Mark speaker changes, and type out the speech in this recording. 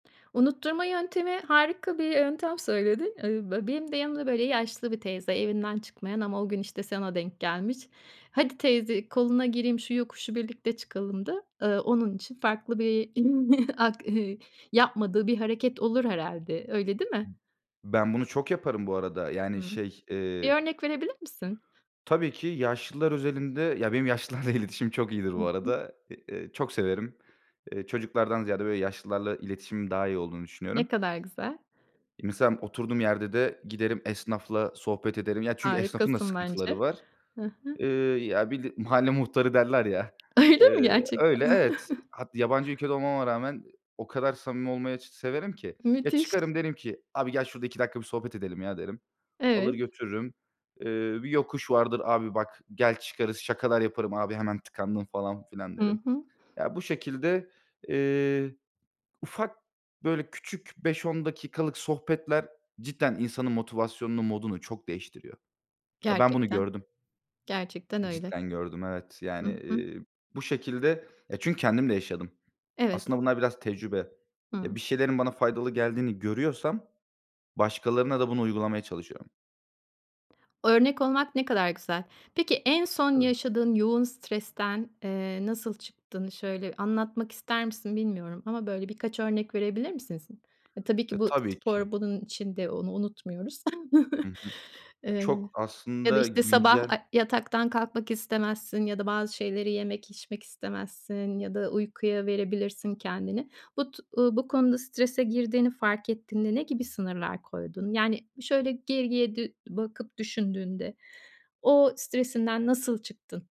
Speaker 1: Unutturma yöntemi harika bir yöntem söyledi. Eee, be benim de yanımda, böyle, yaşlı bir teyze evinden çıkmayan ama o gün işte sana denk gelmiş. Hadi teyze koluna gireyim şu yokuşu birlikte çıkalımdı. Eee, onun için farklı bir ak eee, yapmadığı bir hareket olur herhâlde, öyle değil mi?
Speaker 2: Ben bunu çok yaparım bu arada. Yani,
Speaker 1: Hı.
Speaker 2: şey
Speaker 1: Bir
Speaker 2: eee
Speaker 1: örnek verebilir misin?
Speaker 2: Tabii ki yaşlılar özelinde, ya, benim yaşlılarla iletişim çok iyidir
Speaker 1: Hı
Speaker 2: bu
Speaker 1: hı.
Speaker 2: arada. Eee, eee, çok severim. Eee, çocuklardan ziyade böyle yaşlılarla iletişimim daha iyi olduğunu düşünüyorum.
Speaker 1: Ne kadar güzel.
Speaker 2: Misal oturduğum yerde de giderim esnafla sohbet ederim. Ya, çünkü esnafın da
Speaker 1: Harikasın
Speaker 2: sıkıntıları
Speaker 1: bence.
Speaker 2: var.
Speaker 1: Hı hı.
Speaker 2: Eee, ya bir de mahalle muhtarı derler ya.
Speaker 1: Öyle mi
Speaker 2: Eee, öyle,
Speaker 1: gerçekten?
Speaker 2: evet. Hat yabancı ülkede olmama rağmen o kadar samimi olmayı severim ki. Ya,
Speaker 1: Müthiş.
Speaker 2: çıkarım, derim ki: "Abi gel şurada 2 dakika bir sohbet edelim ya." derim. Alır
Speaker 1: Evet.
Speaker 2: götürürüm. Eee, bir yokuş vardır, "Abi bak gel çıkarız." Şakalar yaparım: "Abi hemen tıkandın." falan filan
Speaker 1: Hı
Speaker 2: derim.
Speaker 1: hı.
Speaker 2: Ya bu şekilde, eee, ufak, böyle küçük, 5-10 dakikalık sohbetler cidden insanın motivasyonunu, modunu çok değiştiriyor. Ya, ben bunu
Speaker 1: Gerçekten.
Speaker 2: gördüm.
Speaker 1: Gerçekten öyle.
Speaker 2: Cidden gördüm, evet. Yani,
Speaker 1: Hı hı.
Speaker 2: eee, bu şekilde. Ya, çünkü kendim de yaşadım.
Speaker 1: Evet.
Speaker 2: Aslında bunlar biraz tecrübe. Ya,
Speaker 1: Hı.
Speaker 2: bir şeylerin bana faydalı geldiğini görüyorsam başkalarına da bunu uygulamaya çalışıyorum.
Speaker 1: Örnek olmak ne kadar güzel. Peki en son
Speaker 2: Tabii.
Speaker 1: yaşadığın yoğun stresten, eee, nasıl çıktığını şöyle anlatmak ister misin bilmiyorum ama böyle birkaç örnek verebilir misin sin? Eee, tabii
Speaker 2: Ya
Speaker 1: ki bu
Speaker 2: tabii ki.
Speaker 1: spor bunun içinde onu unutmuyoruz,
Speaker 2: Hı hı.
Speaker 1: eee,
Speaker 2: Çok
Speaker 1: ya da
Speaker 2: aslında
Speaker 1: işte sabah,
Speaker 2: güncel
Speaker 1: aaa, yataktan kalkmak istemezsin ya da bazı şeyleri yemek içmek istemezsin ya da uykuya verebilirsin kendini. Bu tu uuu, bu konuda strese girdiğini fark ettiğinde ne gibi sınırlar koydun? Yani, şöyle geriye dü bakıp düşündüğünde o stresinden nasıl çıktın?